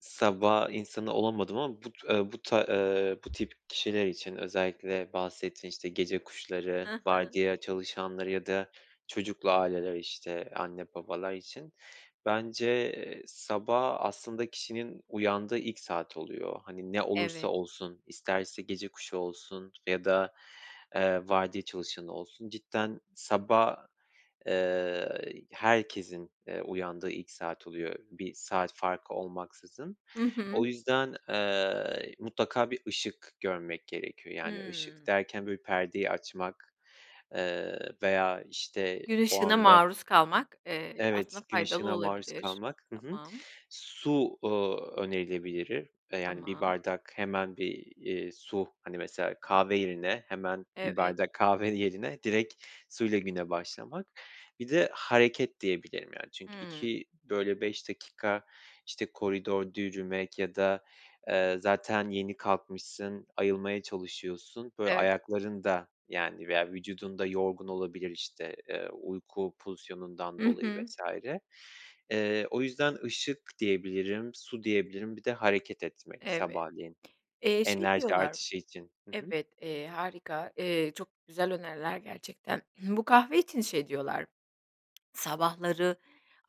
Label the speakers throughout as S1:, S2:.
S1: Sabah insanı olamadım ama bu t bu ta eee, bu tip kişiler için özellikle bahsettin, işte, gece kuşları,
S2: Ha ha.
S1: vardiya çalışanları ya da çocuklu aileler, işte, anne babalar için. Bence sabah aslında kişinin uyandığı ilk saat oluyor. Hani ne olursa
S2: Evet.
S1: olsun isterse gece kuşu olsun f ya da, eee, vardiya çalışanı olsun. Cidden sabah, eee, herkesin, eee, uyandığı ilk saat oluyor bir saat farkı olmaksızın.
S2: Hı
S1: O
S2: hı.
S1: yüzden, eee, mutlaka bir ışık görmek gerekiyor. Yani ışık
S2: Hıı.
S1: derken, böyle, perdeyi açmak, eee, veya, işte,
S2: Gün
S1: o
S2: ışığına
S1: anda
S2: maruz kalmak, eee, aslında
S1: Evet. Gün
S2: faydalı
S1: ışığına maruz
S2: olabilir.
S1: kalmak. Hı hı.
S2: Tamam.
S1: Su, ııı, önerilebilir e yani 1
S2: Tamam.
S1: bardak hemen bir, iii, su. Hani mesela kahve yerine hemen bir
S2: Evet.
S1: bardak kahve yerine direkt suyla güne başlamak. Bir de hareket diyebilirim. Yani çünkü
S2: Hıı.
S1: 2, böyle, 5 dakika, işte, koridorda yürümek ya da, eee, zaten yeni kalkmışsın ayılmaya çalışıyorsun. Böyle,
S2: Evet.
S1: ayakların da, yani, veya vücudun da yorgun olabilir, işte, eee, uyku pozisyonundan
S2: Hı
S1: dolayı
S2: hı.
S1: vs. Eee, o yüzden ışık diyebilirim, su diyebilirim, bir de hareket etmek
S2: Evet.
S1: sabahleyin
S2: Eee, şey
S1: enerji
S2: diyorlar
S1: artışı için. Hı hı.
S2: Evet, eee, harika, eee, çok güzel öneriler gerçekten. Bu kahve için şey diyorlar, "sabahları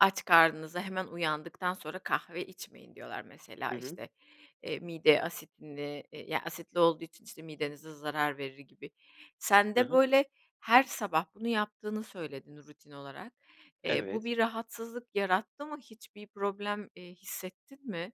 S2: aç karnınıza hemen uyandıktan sonra kahve içmeyin" diyorlar mesela,
S1: Hı hı.
S2: işte, eee, mide asitine yani asitli olduğu için, işte, midenize zarar verir gibi. Sen
S1: Ha
S2: de,
S1: ha.
S2: böyle, her sabah bunu yaptığını söyledin rutin olarak. Eee, bu
S1: Evet.
S2: bir rahatsızlık yarattı mı? Hiçbir problem, eee, hissettin mi?